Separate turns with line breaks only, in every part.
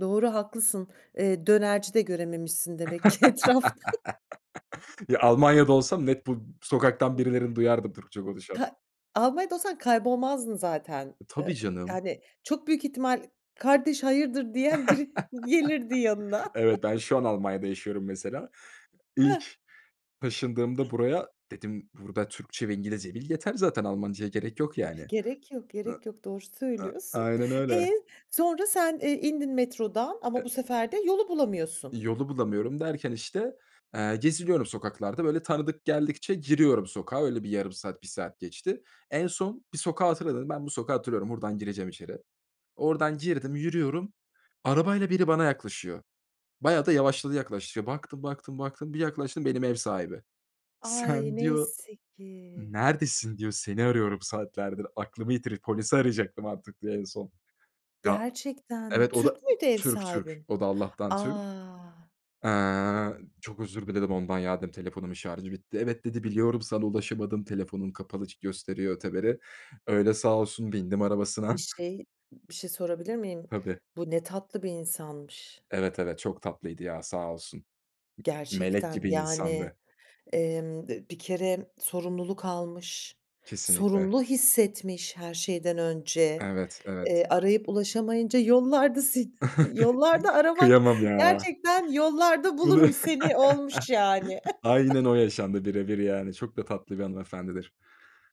Doğru, haklısın. Eee, dönerci de görememişsin demek ki etrafta.
Ya, Almanya'da olsam net bu sokaktan
[unintelligible]
birilerini duyardım Türkçe konuşan.
Ta Almanya'da olsan kaybolmazdın zaten,
E,
ııı,
tabii, canım!
yani, çok büyük ihtimal, "Kardeş, hayırdır?" diyen biri gelirdi yanına.
Evet, ben şu an Almanya'da yaşıyorum mesela.
Heh!
İlk taşındığımda buraya dedim, "Burada Türkçe ve İngilizce bil yeter zaten, Almanca'ya gerek yok
Tabii,
yani."
gerek yok.
A
Gerek yok, doğru
a
söylüyorsun.
aynen öyle!
E, sonra sen, eee, indin metrodan ama
E
bu sefer de yolu bulamıyorsun.
İ yolu bulamıyorum derken, işte, eee, geziniyorum sokaklarda, böyle, tanıdık geldikçe giriyorum sokağa öyle bir yarım saat 1 saat geçti. En son bir sokağı hatırladım. Dedim: "Ben bu sokağı hatırlıyorum, buradan gireceğim içeri." Oradan girdim, yürüyorum. Arabayla biri bana yaklaşıyor. Bayağı da yavaşladı, yaklaş iş baktım, baktım, baktım. Bir yaklaştım, benim ev sahibi.
Ay!
"Sen" diyor,
Neyse ki.
"neredesin?" diyor. "Seni arıyorum saatlerdir. Aklımı yitiri Polisi arayacaktım artık." diyor en son. Ya
Gerçekten mi?
Evet, o da
Türk müydü, ev
Türk, Türk.
sahibin?
O da Allah'tan Türk.
A!
Eee, çok özür diledim ondan. "Ya!" dedim. "Telefonumun şarjı bitti." "Evet." dedi. "Biliyorum, sana ulaşamadım, telefonun kapalı ç gösteriyor." öteberi. Öyle sağ olsun bindim
Bir
arabasına.
şey, ı bir şey sorabilir miyim?
Tabii.
Bu ne tatlı bir insanmış.
Evet, evet. Çok tatlıydı ya, sağ olsun. I ı melek
Gerçekten,
gibi
yani,
insandı.
emm, d bir kere sorumluluk almış.
Kesinlikle!
Sorumlu hissetmiş, her şeyden önce,
Evet, evet!
eee, arayıp ulaşamayınca yollarda seni a Yollarda aramak
Kıyamam ya!
gerçekten, "Yollarda
Ulu
bulurum seni." olmuş, yani!
Aynen o yaşandı, birebir, yani, çok da tatlı bir hanımefendidir.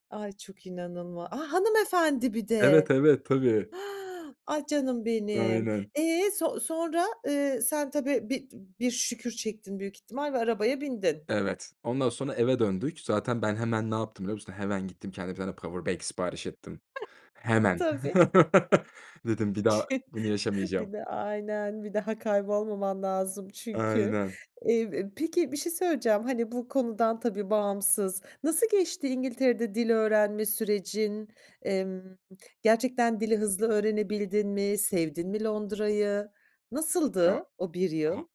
Ay, çok inanılma A! Hanımefendi, bir
Evet,
de!
evet! Tabii!
Ah, canım benim!
Aynen!
E, so sonra? Iıı, sen tabii, bi [unintelligible] bir şükür çektin büyük ihtimal ve arabaya bindin.
Evet, ondan sonra eve döndük. Zaten ben hemen ne yaptım, biliyor musun? Hemen gittim, kendime 1 tane powerbank sipariş ettim. Hemen!
Tabii!
Dedim: "Bir daha
Ç
bunu yaşamayacağım."
Bir de aynen! Bir daha kaybolmaman lazım çünkü.
Aynen!
Eee, e, peki bir şey söyleyeceğim, hani, bu konudan tabii, bağımsız. Nasıl geçti İngiltere'de dil öğrenme sürecin? Emm, gerçekten dili hızlı öğrenebildin mi? Sevdin mi Londra'yı?
Ya!
Nasıldı, o 1
Ha
yıl?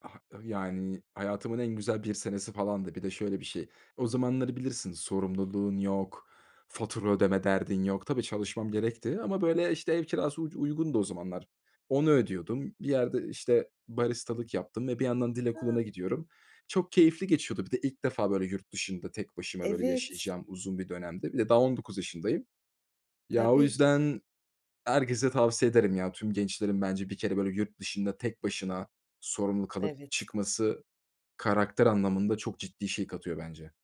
ha Ih yani, hayatımın en güzel 1 senesi falandı. Bir de şöyle bir şey, o zamanları bilirsin. Sorumluluğun yok, fatura ödeme derdin yok. Tabii, çalışmam gerekti ama, böyle, işte, ev kirası uc uygundu o zamanlar. Onu ödüyordum. Bir yerde, işte, baristalık yaptım ve bir yandan dil
He!
okuluna gidiyorum. Çok keyifli geçiyordu. Bir de ilk defa, böyle, yurt dışında tek başıma, böyle,
Evet!
yaşayacağım uzun bir dönemdi. Bir de daha 19 yaşındayım. Ya, o
Tabii.
yüzden herkese tavsiye ederim. Ya, tüm gençlerin bence 1 kere, böyle, yurt dışında tek başına sorumluluk alıp
Evet.
çıkması karakter anlamında çok ciddi şey katıyor bence.